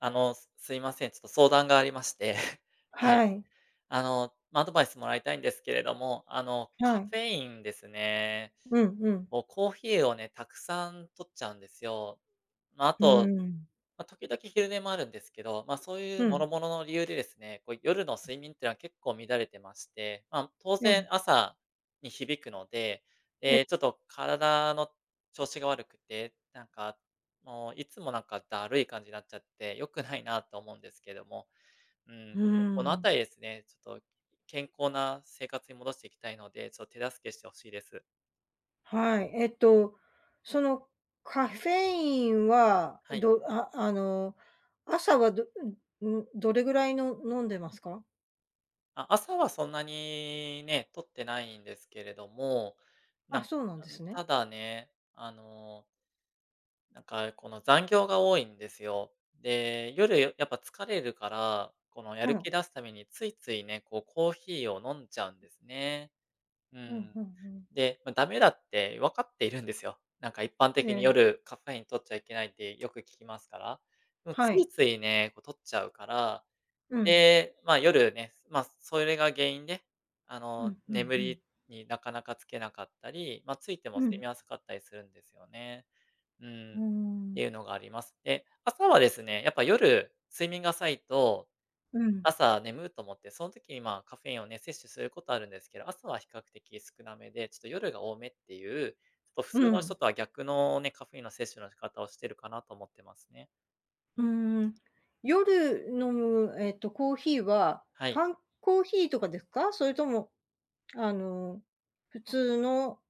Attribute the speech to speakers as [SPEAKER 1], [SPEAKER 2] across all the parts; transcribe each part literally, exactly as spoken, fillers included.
[SPEAKER 1] あの、すすいません、ちょっと相談がありまして、は
[SPEAKER 2] は
[SPEAKER 1] い。
[SPEAKER 2] い。
[SPEAKER 1] あの、まあ、アドバイスもらいたいんですけれども、あの、
[SPEAKER 2] は
[SPEAKER 1] カ
[SPEAKER 2] い。
[SPEAKER 1] フェインですね。
[SPEAKER 2] うんうん。
[SPEAKER 1] もうコーヒーをね、たくさん摂っちゃうんですよ。ま、あ
[SPEAKER 2] うー
[SPEAKER 1] と、
[SPEAKER 2] ん。
[SPEAKER 1] ま、時々昼寝もあるんですけど、まあ、そうい
[SPEAKER 2] ふ
[SPEAKER 1] う諸
[SPEAKER 2] ん。
[SPEAKER 1] 々の理由でですね、こう夜の
[SPEAKER 2] うん。
[SPEAKER 1] 睡眠っては結構乱れてまして、あ、む当
[SPEAKER 2] え
[SPEAKER 1] 然
[SPEAKER 2] え。
[SPEAKER 1] 朝に響くので、
[SPEAKER 2] え
[SPEAKER 1] ええ、ちょっと体の調子が悪くて、なんか、もういつもなんかだるい感じになっちゃって、良くないなと思うんですけども、うー
[SPEAKER 2] う
[SPEAKER 1] ん、
[SPEAKER 2] ー
[SPEAKER 1] この
[SPEAKER 2] ん。
[SPEAKER 1] 辺りですね、ちょっと、健康な生活に戻していきたいので、ちょ手助けしてほしいです。
[SPEAKER 2] はい、えっと、その、カフェインは、
[SPEAKER 1] はい。
[SPEAKER 2] どああの、朝はどうん、ん、どれぐらいの飲んでますか？
[SPEAKER 1] あ、朝はそんなにね、摂ってないんですけれども。な
[SPEAKER 2] あ、
[SPEAKER 1] ん
[SPEAKER 2] そうなん
[SPEAKER 1] あ、
[SPEAKER 2] で
[SPEAKER 1] ん、
[SPEAKER 2] すね。
[SPEAKER 1] ただね、あのなんか、この、残業が多いんですよ。で、夜よやっぱ疲れるから、このや
[SPEAKER 2] う
[SPEAKER 1] る気
[SPEAKER 2] ん。
[SPEAKER 1] 出すためについついね、こうコーヒーを飲んじゃうん
[SPEAKER 2] うん。
[SPEAKER 1] ですね。う
[SPEAKER 2] うん、
[SPEAKER 1] ん。
[SPEAKER 2] ふん、うん。
[SPEAKER 1] で、まあ駄目だってわかっているんですよ。なんか一般
[SPEAKER 2] え
[SPEAKER 1] 的に
[SPEAKER 2] え。
[SPEAKER 1] 夜カフェイン摂っちゃいけないってよく聞きますから。もうつ
[SPEAKER 2] は
[SPEAKER 1] い
[SPEAKER 2] い。
[SPEAKER 1] ついね、こう摂っちゃうから、
[SPEAKER 2] うん。
[SPEAKER 1] で、まあ夜ね、まあそれが原因で、あ
[SPEAKER 2] う
[SPEAKER 1] の、
[SPEAKER 2] ん、ふん、
[SPEAKER 1] 眠
[SPEAKER 2] うん。
[SPEAKER 1] りになかなかつけなかったり、まあ、ついても
[SPEAKER 2] う
[SPEAKER 1] 睡
[SPEAKER 2] ん。
[SPEAKER 1] 眠浅かったりするんですよね、うーん。
[SPEAKER 2] うー
[SPEAKER 1] って
[SPEAKER 2] ん。
[SPEAKER 1] いうのがあります。で、朝はですね、やっぱ夜睡眠が浅いと、
[SPEAKER 2] うん。
[SPEAKER 1] 朝ねむと思って、そん時にまあ、カフェインをね、摂取することあるんですけど、朝は比較的少なめで、ちょっと夜が多めっていう、ちょっと普
[SPEAKER 2] う
[SPEAKER 1] 通の人
[SPEAKER 2] ん。
[SPEAKER 1] とは逆のね、カフェインの摂取の仕方をしてるかなと思ってますね。
[SPEAKER 2] うーん。夜飲む、えっと、コーヒーは、
[SPEAKER 1] はい。
[SPEAKER 2] 缶コーヒーとかですか？それとも、あの。普通の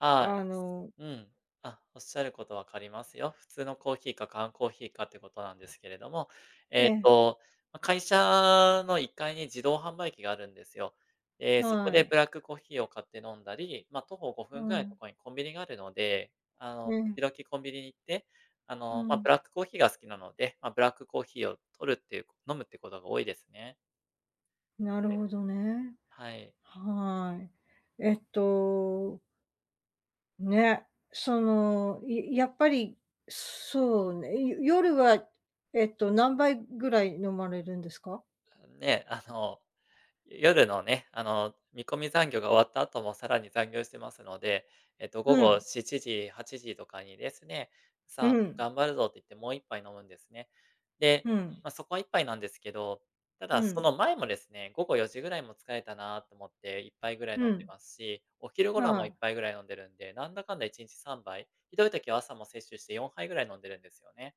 [SPEAKER 1] ああ。
[SPEAKER 2] あの
[SPEAKER 1] うん。あっ、おっしゃること分かりますよ。普通のコーヒーか缶コーヒーかっていうことなんですけれども、
[SPEAKER 2] え
[SPEAKER 1] えっ
[SPEAKER 2] え。
[SPEAKER 1] と、ま、会社のいっかいに自動販売機があるんですよ。ええ、そこ
[SPEAKER 2] は
[SPEAKER 1] でブ
[SPEAKER 2] い。
[SPEAKER 1] ラックコーヒーを買って飲んだり、まあ、徒歩ごふ
[SPEAKER 2] う
[SPEAKER 1] んぐらいのと
[SPEAKER 2] ん。
[SPEAKER 1] ころにコンビニがあるので、あ
[SPEAKER 2] え
[SPEAKER 1] の、
[SPEAKER 2] え。
[SPEAKER 1] 時々コンビニに行って、あ
[SPEAKER 2] う
[SPEAKER 1] の、まあ、ブ
[SPEAKER 2] ん。
[SPEAKER 1] ラックコーヒーが好きなので、まあ、ブラックコーヒーを摂るっていう飲むってことが多いですね。
[SPEAKER 2] なるほどね。
[SPEAKER 1] はい。
[SPEAKER 2] はい。えっとね。その、ややっぱり、そうね、よ夜は、えっと、何杯ぐらい飲まれるんですか？
[SPEAKER 1] ん、ね。あの、夜のね、あの、見込み残業が終わった後もさらに残業してますので、えっと、午
[SPEAKER 2] う
[SPEAKER 1] 後
[SPEAKER 2] ん。
[SPEAKER 1] しちじはちじとかにですね、
[SPEAKER 2] う
[SPEAKER 1] さあ、
[SPEAKER 2] ん。
[SPEAKER 1] 頑張るぞって言ってもういっぱい飲むんですね。で、
[SPEAKER 2] うん。
[SPEAKER 1] まあ、そこはいっぱいなんですけど、ただ
[SPEAKER 2] う
[SPEAKER 1] そ
[SPEAKER 2] ん。
[SPEAKER 1] の前もですね、午後よじぐらいも疲れたなと思っていっぱいぐらい飲
[SPEAKER 2] う
[SPEAKER 1] んで
[SPEAKER 2] ん。
[SPEAKER 1] ますし、お昼頃
[SPEAKER 2] は
[SPEAKER 1] もいっ
[SPEAKER 2] い。
[SPEAKER 1] ぱいぐらい飲んでるんで、なんだかんだいちにちさんばい、ひどい時は朝も摂取してよんはいぐらい飲んでるんですよね。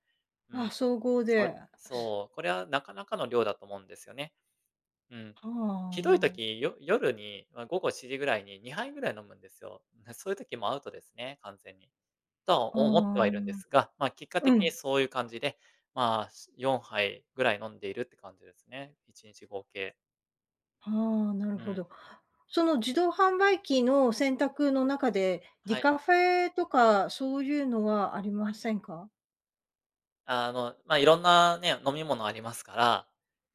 [SPEAKER 1] う
[SPEAKER 2] あ、
[SPEAKER 1] ん。
[SPEAKER 2] 総合
[SPEAKER 1] [unintelligible]
[SPEAKER 2] で。
[SPEAKER 1] そう。これはなかなかの量だと思うんですよね。うん。
[SPEAKER 2] は、
[SPEAKER 1] ひどい
[SPEAKER 2] ああ。
[SPEAKER 1] 時、よ夜に、ま、午後しちじぐらいににはいぐらい飲むんですよ。な、そういう時、もアウトですね完全に。とは思ってはい
[SPEAKER 2] ああ。
[SPEAKER 1] るんですが、まあ、結果
[SPEAKER 2] う
[SPEAKER 1] 的に
[SPEAKER 2] ん。
[SPEAKER 1] そういう感じで、まあ、しよんはいぐらい飲んでいるって感じですね、いちにち合計。
[SPEAKER 2] ああ、なる
[SPEAKER 1] う
[SPEAKER 2] ほ
[SPEAKER 1] ん。
[SPEAKER 2] ど。その自動販売機の選択の中で、デ
[SPEAKER 1] はい。
[SPEAKER 2] カフェとかそういうのはありませんか？
[SPEAKER 1] あの、まあ色んなね、飲み物ありますから、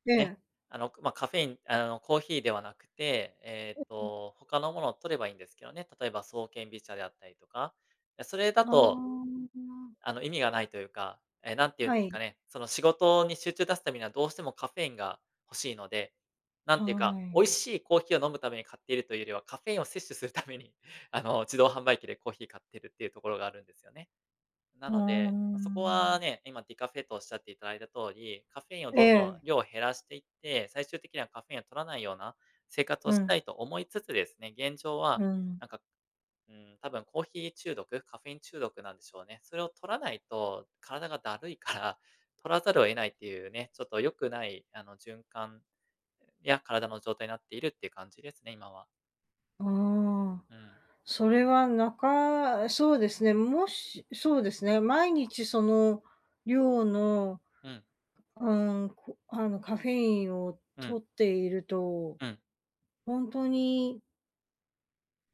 [SPEAKER 2] え
[SPEAKER 1] ね、
[SPEAKER 2] え。
[SPEAKER 1] あの、ま、カフェインあの、コーヒーではなくて、えっ
[SPEAKER 2] [unintelligible]
[SPEAKER 1] と、他のものを取ればいいんですけどね、例えば爽健美茶であったりとか、え、それだ
[SPEAKER 2] あ
[SPEAKER 1] と
[SPEAKER 2] あ。
[SPEAKER 1] あの、意味がないというか、ええ、なんて言うん
[SPEAKER 2] は
[SPEAKER 1] ですか
[SPEAKER 2] い。
[SPEAKER 1] ね、その仕事に集中出すためにはどうしてもカフェインが欲しいので、なんていうか、
[SPEAKER 2] は
[SPEAKER 1] 美味
[SPEAKER 2] い。
[SPEAKER 1] しいコーヒーを飲むために買っているというよりは、カフェインを摂取するために、あの、自動販売機でコーヒー買ってるっていうところがあるんですよね。な
[SPEAKER 2] うー
[SPEAKER 1] ので、ま、そこ
[SPEAKER 2] ん。
[SPEAKER 1] はね、今ディカフェとおっしゃっていただいた通り、カフェインを
[SPEAKER 2] え
[SPEAKER 1] どんどん
[SPEAKER 2] え。
[SPEAKER 1] 量を減らしていって、最終的にはカフェインを摂らないような生活を
[SPEAKER 2] う
[SPEAKER 1] した
[SPEAKER 2] ん。
[SPEAKER 1] い、と思いつつですね、現状は
[SPEAKER 2] うん。
[SPEAKER 1] なんか、うーん、たぶんコーヒー中毒カフェイン中毒なんでしょうね。それを摂らないと体がだるいから、取らざるを得ないっていうね、ちょっと良くない、あの、循環や体の状態になっているっていう感じですね、今は。
[SPEAKER 2] ああ、
[SPEAKER 1] うん。
[SPEAKER 2] それはなかそうですね、もしそうですね、毎日その量の、
[SPEAKER 1] うん。
[SPEAKER 2] うん、こあの、カフェインを
[SPEAKER 1] うん。
[SPEAKER 2] 摂っていると
[SPEAKER 1] うん。
[SPEAKER 2] ほんとに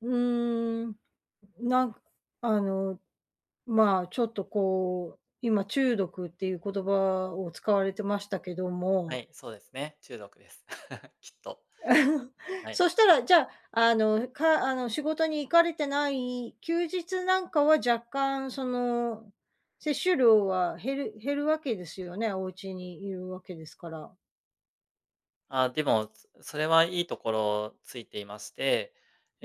[SPEAKER 2] うーん、なんあの、まあちょっとこう、今中毒っていう言葉を使われてましたけど
[SPEAKER 1] は
[SPEAKER 2] も
[SPEAKER 1] い、そうですね。中毒です。きっと。はい。
[SPEAKER 2] そしたらじゃあ、あの、かあの、仕事に行かれてない休日なんかは、若干その、摂取量は減る減るわけですよね？お家にいるわけですから。
[SPEAKER 1] ああ、でも、つそれはいいところついていまして、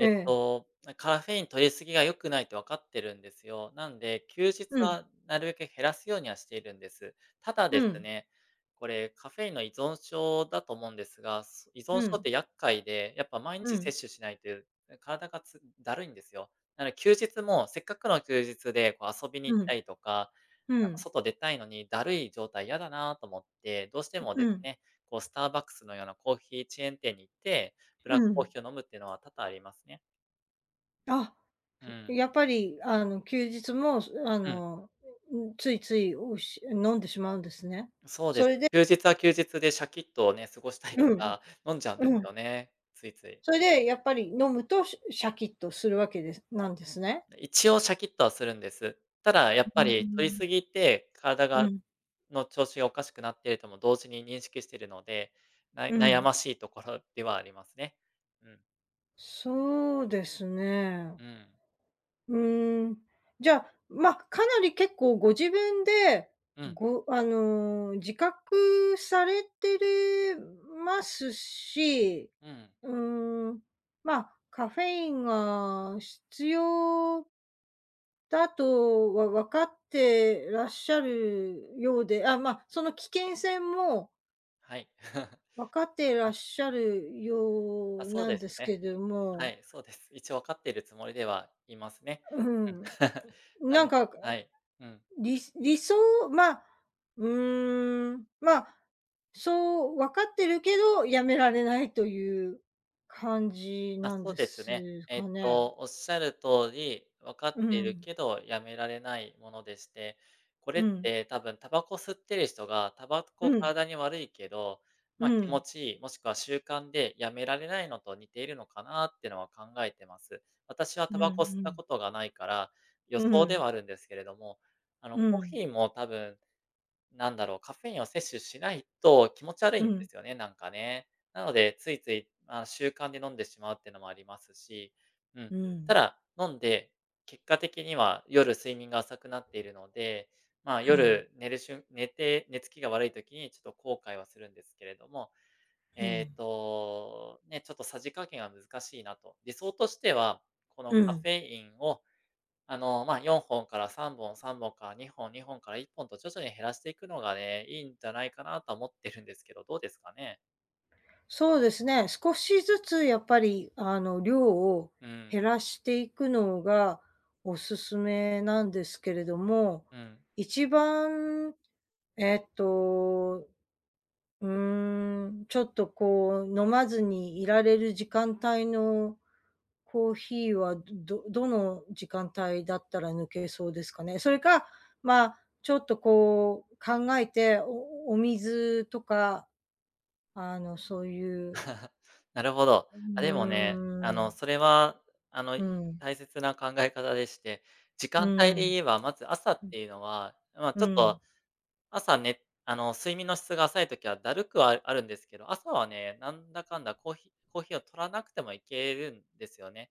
[SPEAKER 2] え
[SPEAKER 1] っ
[SPEAKER 2] え。
[SPEAKER 1] と、ま、カフェイン摂り過ぎが良くないって分かってるんですよ。なんで、休日
[SPEAKER 2] うん。
[SPEAKER 1] はなるべく減らすようにはしているんです。ただ
[SPEAKER 2] う
[SPEAKER 1] です
[SPEAKER 2] ん。
[SPEAKER 1] ね、これ、カフェインの依存症だと思うんですが、す依存
[SPEAKER 2] う
[SPEAKER 1] 症っ
[SPEAKER 2] ん。
[SPEAKER 1] て厄介で、やっぱ毎
[SPEAKER 2] う
[SPEAKER 1] 日
[SPEAKER 2] ん。
[SPEAKER 1] 摂取しないと、体がつだるいんですよ。なので休日も、せっかくの休日でこう遊びに行っ
[SPEAKER 2] うん。
[SPEAKER 1] たりとか、
[SPEAKER 2] う
[SPEAKER 1] なんか
[SPEAKER 2] ん。
[SPEAKER 1] 外出たいのに、だるい状態嫌だなと思って、どうして
[SPEAKER 2] ん、
[SPEAKER 1] も
[SPEAKER 2] う
[SPEAKER 1] です
[SPEAKER 2] ん。
[SPEAKER 1] ね、こうスターバックスのようなコーヒーチェーン店に行って、ブ
[SPEAKER 2] う
[SPEAKER 1] ラックコー
[SPEAKER 2] ん。
[SPEAKER 1] ヒーを飲むっていうのは多々ありますね。
[SPEAKER 2] あ、
[SPEAKER 1] うん。
[SPEAKER 2] やっぱりあの休日もそ、あ
[SPEAKER 1] うん。
[SPEAKER 2] の、うついつい、うっし飲んでしまうんですね。
[SPEAKER 1] そうで
[SPEAKER 2] そ
[SPEAKER 1] す。
[SPEAKER 2] れで。
[SPEAKER 1] 休日は休日でシャキッとね、過ごしたいか
[SPEAKER 2] うん。
[SPEAKER 1] ら、飲んじゃうんで
[SPEAKER 2] う
[SPEAKER 1] す
[SPEAKER 2] ん。
[SPEAKER 1] よね、ついつい。
[SPEAKER 2] それでや
[SPEAKER 1] はい。
[SPEAKER 2] っぱり飲むと、シャシャキッとするわけですなんですね。
[SPEAKER 1] 一応シャキッとはするんです。ただや
[SPEAKER 2] う
[SPEAKER 1] っ
[SPEAKER 2] うー
[SPEAKER 1] ぱり摂り
[SPEAKER 2] ん。
[SPEAKER 1] すぎて体
[SPEAKER 2] う
[SPEAKER 1] が
[SPEAKER 2] ん。
[SPEAKER 1] の調子がおかしくなってるとも同時に認識してるので、な
[SPEAKER 2] う
[SPEAKER 1] 悩
[SPEAKER 2] ん。
[SPEAKER 1] ましいところではありますね。うん。
[SPEAKER 2] そうですね。
[SPEAKER 1] うん。
[SPEAKER 2] うーん、じゃあ、まあ、かなり結構ご自分で、
[SPEAKER 1] うん。
[SPEAKER 2] ごあの、自覚されてるますし、
[SPEAKER 1] うん。
[SPEAKER 2] うーん、まあ、カフェインが、必要だと、わわかってらっしゃるようで、あ、まあ、その危険性も
[SPEAKER 1] はい。
[SPEAKER 2] 分かってらっ
[SPEAKER 1] あ。
[SPEAKER 2] しゃるよ
[SPEAKER 1] あ、
[SPEAKER 2] う
[SPEAKER 1] そう
[SPEAKER 2] なん
[SPEAKER 1] です
[SPEAKER 2] です
[SPEAKER 1] ね。
[SPEAKER 2] けど
[SPEAKER 1] は
[SPEAKER 2] も。
[SPEAKER 1] い、そうです。一応わかってるつもりではいますね。
[SPEAKER 2] う
[SPEAKER 1] うん。
[SPEAKER 2] ん、
[SPEAKER 1] あ
[SPEAKER 2] なん
[SPEAKER 1] の
[SPEAKER 2] か。
[SPEAKER 1] はい、うん。
[SPEAKER 2] り理想まあ、うーん、まあ、そうわかってるけど、やめられないという感じ
[SPEAKER 1] まあ、
[SPEAKER 2] なん
[SPEAKER 1] そう
[SPEAKER 2] で
[SPEAKER 1] ですね。
[SPEAKER 2] す
[SPEAKER 1] えっ
[SPEAKER 2] かね？
[SPEAKER 1] と、おっしゃる通り、分か
[SPEAKER 2] う
[SPEAKER 1] っている
[SPEAKER 2] ん。
[SPEAKER 1] けど、止められないものでして、これ
[SPEAKER 2] う
[SPEAKER 1] っ
[SPEAKER 2] ん。
[SPEAKER 1] て多分煙草吸ってる人が、煙
[SPEAKER 2] う
[SPEAKER 1] 草
[SPEAKER 2] ん。
[SPEAKER 1] 体に悪いけど、
[SPEAKER 2] う
[SPEAKER 1] まあ、気持
[SPEAKER 2] ん。
[SPEAKER 1] ちいい、もしくは習慣で止められないのと似ているのかなってのは考えてます。私は
[SPEAKER 2] うんう
[SPEAKER 1] 煙草吸った
[SPEAKER 2] ん。
[SPEAKER 1] ことがないから、予
[SPEAKER 2] う
[SPEAKER 1] 想では
[SPEAKER 2] ん。
[SPEAKER 1] あるんですけれども、あの、
[SPEAKER 2] う
[SPEAKER 1] コー
[SPEAKER 2] ん。
[SPEAKER 1] ヒーも多分、なんだろう、カフェインを摂取しないと気持ち悪い
[SPEAKER 2] う
[SPEAKER 1] んで
[SPEAKER 2] ん。
[SPEAKER 1] すよね、なんかね。なので、ついついまあ、習慣で飲んでしまうっていうのもありますし、うん。
[SPEAKER 2] う
[SPEAKER 1] た
[SPEAKER 2] ん。
[SPEAKER 1] だ、飲んで、結果的には夜睡眠が浅くなっているので、まあ、
[SPEAKER 2] うん。
[SPEAKER 1] 夜寝るしゅん寝て寝つきが悪い時にちょっと後悔はするんですけれども、
[SPEAKER 2] う
[SPEAKER 1] えっ
[SPEAKER 2] ん。
[SPEAKER 1] と、ね、ちょっとさじ加減は難しいなと。理想としては、この
[SPEAKER 2] う
[SPEAKER 1] カフ
[SPEAKER 2] ん。
[SPEAKER 1] ェインを、あの、まあ、よんほんからさんぼん、さんぼんからにほん、にほんからいっぽんと徐々に減らしていくのがね、いいんじゃないかなとは思ってるんですけど、どうですかね？
[SPEAKER 2] そうですね、少しずつやっぱりあの量を、
[SPEAKER 1] うん。
[SPEAKER 2] 減らしていくのが、おすすめなんですけれども、
[SPEAKER 1] うん。
[SPEAKER 2] 一番、えっと、うーん、ちょっとこう飲まずにいられる時間帯の、コーヒーはどどどの時間帯だったら抜けそうですかね？それか、まあちょっとこう考えて、おおお水とか、あの、そういう
[SPEAKER 1] なるほど。
[SPEAKER 2] う
[SPEAKER 1] あでもね、あ
[SPEAKER 2] ー
[SPEAKER 1] の、
[SPEAKER 2] ん。
[SPEAKER 1] それはあの、
[SPEAKER 2] うん。
[SPEAKER 1] 大切な考え方でして、時
[SPEAKER 2] う
[SPEAKER 1] 間帯で言
[SPEAKER 2] ん。
[SPEAKER 1] えば、まず朝っ
[SPEAKER 2] うん。
[SPEAKER 1] ていうのは、まあ
[SPEAKER 2] う
[SPEAKER 1] ちょっ
[SPEAKER 2] ん。
[SPEAKER 1] と、朝ね、あの、睡眠の質が浅い時はだるくはあるんですけど、朝はね、なんだかんだコーヒーコーヒーを摂らなくてもいけるんですよね。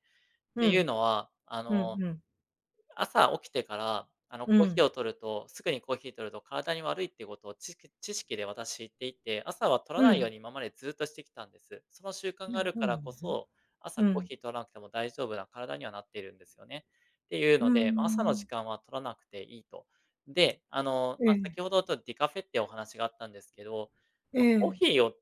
[SPEAKER 1] っ
[SPEAKER 2] う
[SPEAKER 1] ていう
[SPEAKER 2] ん。
[SPEAKER 1] のは、あ
[SPEAKER 2] う
[SPEAKER 1] の、
[SPEAKER 2] んうん。
[SPEAKER 1] 朝起きてから、あの、
[SPEAKER 2] う
[SPEAKER 1] コーヒー
[SPEAKER 2] ん。
[SPEAKER 1] を摂るとすぐにコーヒー摂ると体に悪いっていうことを、ちき知識で私知っていて、朝は摂ら
[SPEAKER 2] う
[SPEAKER 1] ないよう
[SPEAKER 2] ん。
[SPEAKER 1] に今までずっとしてきたんです。その習慣があるからこ
[SPEAKER 2] [unintelligible]
[SPEAKER 1] そ、朝
[SPEAKER 2] う
[SPEAKER 1] コー
[SPEAKER 2] ん。
[SPEAKER 1] ヒー摂らなくても大丈夫な体にはなっているんですよね。っていう
[SPEAKER 2] うー
[SPEAKER 1] ので、まあ朝の時
[SPEAKER 2] ん。
[SPEAKER 1] 間は摂らなくていいと。で、あの、
[SPEAKER 2] え
[SPEAKER 1] まあ
[SPEAKER 2] え。
[SPEAKER 1] 先ほどちょ、ディカフェっていうお話があったんですけど、
[SPEAKER 2] え
[SPEAKER 1] まあコー
[SPEAKER 2] え。
[SPEAKER 1] ヒーを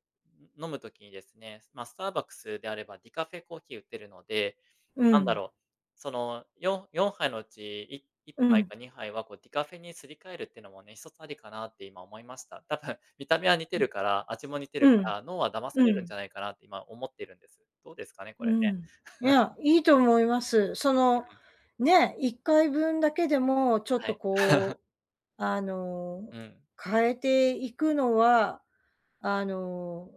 [SPEAKER 1] 飲むときにですね、まあスターバックスであればディカフェコーヒー売ってるので、
[SPEAKER 2] う
[SPEAKER 1] なんだ
[SPEAKER 2] ん。
[SPEAKER 1] ろう、その、よんよんはいのうち、いいっ
[SPEAKER 2] う
[SPEAKER 1] ぱい
[SPEAKER 2] ん。
[SPEAKER 1] かにはいはこうディカフェにすり替えるっていうのもね、ひとつありかなって今思いました。多分見た目は似て
[SPEAKER 2] うん。
[SPEAKER 1] るから、味も似て
[SPEAKER 2] う
[SPEAKER 1] るか
[SPEAKER 2] ん、
[SPEAKER 1] ら、脳は騙さ
[SPEAKER 2] う
[SPEAKER 1] れるんじゃ
[SPEAKER 2] ん。
[SPEAKER 1] ないかなって今思ってるんです。どうですかね？こ
[SPEAKER 2] う
[SPEAKER 1] れ
[SPEAKER 2] ん。
[SPEAKER 1] ね。
[SPEAKER 2] い や、いいと思います。そ
[SPEAKER 1] う
[SPEAKER 2] の
[SPEAKER 1] ん。
[SPEAKER 2] ね、いっかいぶんだけでも、ちょっ
[SPEAKER 1] は
[SPEAKER 2] と
[SPEAKER 1] い。
[SPEAKER 2] こう、あの、
[SPEAKER 1] うん。
[SPEAKER 2] 変えていくのは、あの、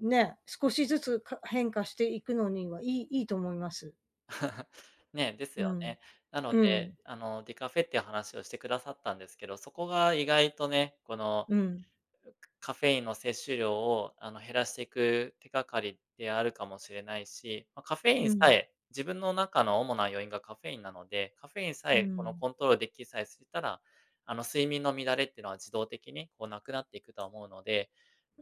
[SPEAKER 2] ね、少しずつ、か変化していくのには、いいいいと思います。
[SPEAKER 1] ねえ、です
[SPEAKER 2] う
[SPEAKER 1] よ
[SPEAKER 2] ん、
[SPEAKER 1] ね。なの
[SPEAKER 2] う
[SPEAKER 1] で、
[SPEAKER 2] ん。
[SPEAKER 1] あの、ディカフェっていう話をしてくださったんですけど、そこが意外とね、この
[SPEAKER 2] うん。
[SPEAKER 1] くカフェインの摂取量を、あの、減らしていく手がかりであるかもしれないし、ま、カフェイ
[SPEAKER 2] う
[SPEAKER 1] ンさ
[SPEAKER 2] ん。
[SPEAKER 1] え、自分の中の主な要因がカフェインなので、カフェインさ
[SPEAKER 2] う
[SPEAKER 1] え、この
[SPEAKER 2] ん。
[SPEAKER 1] コントロールできさえしたら、あの、睡眠の乱れってのは自動的に、こう無くなっていくとは思うので、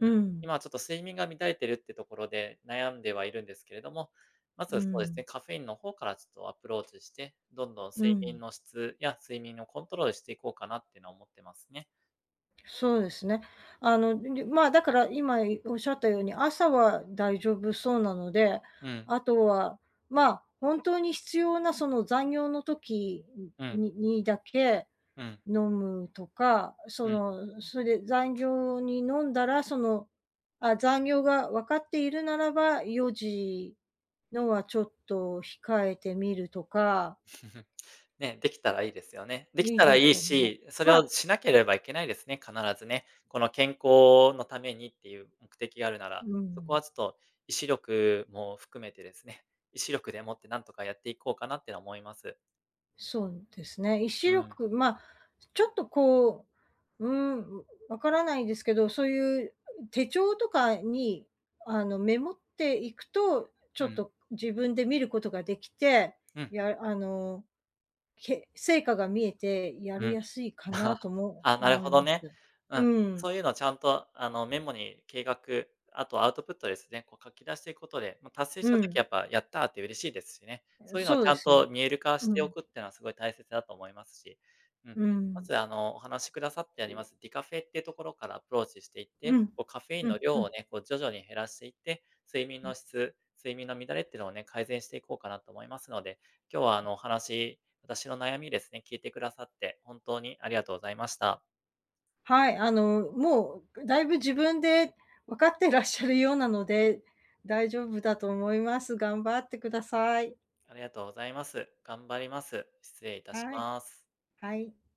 [SPEAKER 1] うん。
[SPEAKER 2] ん。
[SPEAKER 1] 今ちょっと睡眠が乱れてるってところで悩んではいるんですけれども、ま
[SPEAKER 2] う
[SPEAKER 1] ずそうです
[SPEAKER 2] ん。
[SPEAKER 1] ね、カフェインの方からちょっとアプローチして、どんどん
[SPEAKER 2] う
[SPEAKER 1] 睡眠
[SPEAKER 2] ん。
[SPEAKER 1] の質や睡眠のコントロールしていこうかなっていうのは思ってますね。
[SPEAKER 2] そうですね。あの、ま、だから今おっしゃったように、朝は大丈夫そうなので、
[SPEAKER 1] うん。
[SPEAKER 2] あとは、まあ、本当に必要なその残業の時
[SPEAKER 1] うん。
[SPEAKER 2] ににだけ、
[SPEAKER 1] うん。
[SPEAKER 2] 飲むとか、
[SPEAKER 1] う
[SPEAKER 2] そ
[SPEAKER 1] ん。
[SPEAKER 2] の、それ残業に飲んだら、そのあ、残業が分かっているならば、よじのはちょっと控えてみるとか
[SPEAKER 1] ね、できたらいいですよね。でき
[SPEAKER 2] いい
[SPEAKER 1] たら
[SPEAKER 2] で
[SPEAKER 1] い
[SPEAKER 2] す
[SPEAKER 1] い
[SPEAKER 2] よね。
[SPEAKER 1] し、それ
[SPEAKER 2] ま
[SPEAKER 1] を
[SPEAKER 2] あ
[SPEAKER 1] しなければいけないですね、必ずね。この健康のためにっていう目的があるなら。
[SPEAKER 2] う
[SPEAKER 1] そこ
[SPEAKER 2] ん。
[SPEAKER 1] はちょっと意志力も含めてですね、意志力でもってなんとかやっていこうかなって思います。
[SPEAKER 2] そんですね、意志
[SPEAKER 1] うん。
[SPEAKER 2] 力、ま、ちょっとこう、うーん、んわからないですけど、そういう手帳とかに、あの、メモっていくと、ち
[SPEAKER 1] う
[SPEAKER 2] ょっ
[SPEAKER 1] ん。
[SPEAKER 2] と自分で見ることができて、
[SPEAKER 1] うん。
[SPEAKER 2] やあの、け成果が見えてや
[SPEAKER 1] う
[SPEAKER 2] り
[SPEAKER 1] ん。
[SPEAKER 2] やすいかなと も
[SPEAKER 1] ああ、なる
[SPEAKER 2] 思い
[SPEAKER 1] ほど
[SPEAKER 2] ます。
[SPEAKER 1] ね。うん。
[SPEAKER 2] うん。
[SPEAKER 1] そういうのはちゃんと、あの、メモに計画、あとアウトプットですね、こう書き出していくことで、まあ、達成
[SPEAKER 2] う
[SPEAKER 1] した時は
[SPEAKER 2] ん。
[SPEAKER 1] やっぱやったって嬉しいですしね。そういうのは
[SPEAKER 2] そう
[SPEAKER 1] ち
[SPEAKER 2] で
[SPEAKER 1] ゃん
[SPEAKER 2] す
[SPEAKER 1] と
[SPEAKER 2] よ。
[SPEAKER 1] 見える化し
[SPEAKER 2] う
[SPEAKER 1] てお
[SPEAKER 2] ん。
[SPEAKER 1] くってのは、すごい大切だと思いますし。うん、
[SPEAKER 2] う
[SPEAKER 1] ま
[SPEAKER 2] ん。
[SPEAKER 1] ず、あの、お話しくださってあります、ディカフェってところからアプローチしていっ
[SPEAKER 2] う
[SPEAKER 1] て、
[SPEAKER 2] ん、
[SPEAKER 1] こうカフェイン
[SPEAKER 2] う
[SPEAKER 1] の
[SPEAKER 2] ん、う
[SPEAKER 1] 量を
[SPEAKER 2] ん。
[SPEAKER 1] ね、こう徐々に減らしていって、睡眠
[SPEAKER 2] う
[SPEAKER 1] の
[SPEAKER 2] ん。
[SPEAKER 1] 質、睡眠の乱れってのをね、改善していこうかなと思いますので、今日はあの、お話、私の悩みですね、聞いてくださって、本当にありがとうございました。
[SPEAKER 2] はい。あの、もう、だいぶ自分でわかってらっしゃるようなので、大丈夫だと思います。頑張ってください。
[SPEAKER 1] ありがとうございます。頑張ります。失礼致し
[SPEAKER 2] はい。
[SPEAKER 1] ます。
[SPEAKER 2] はい。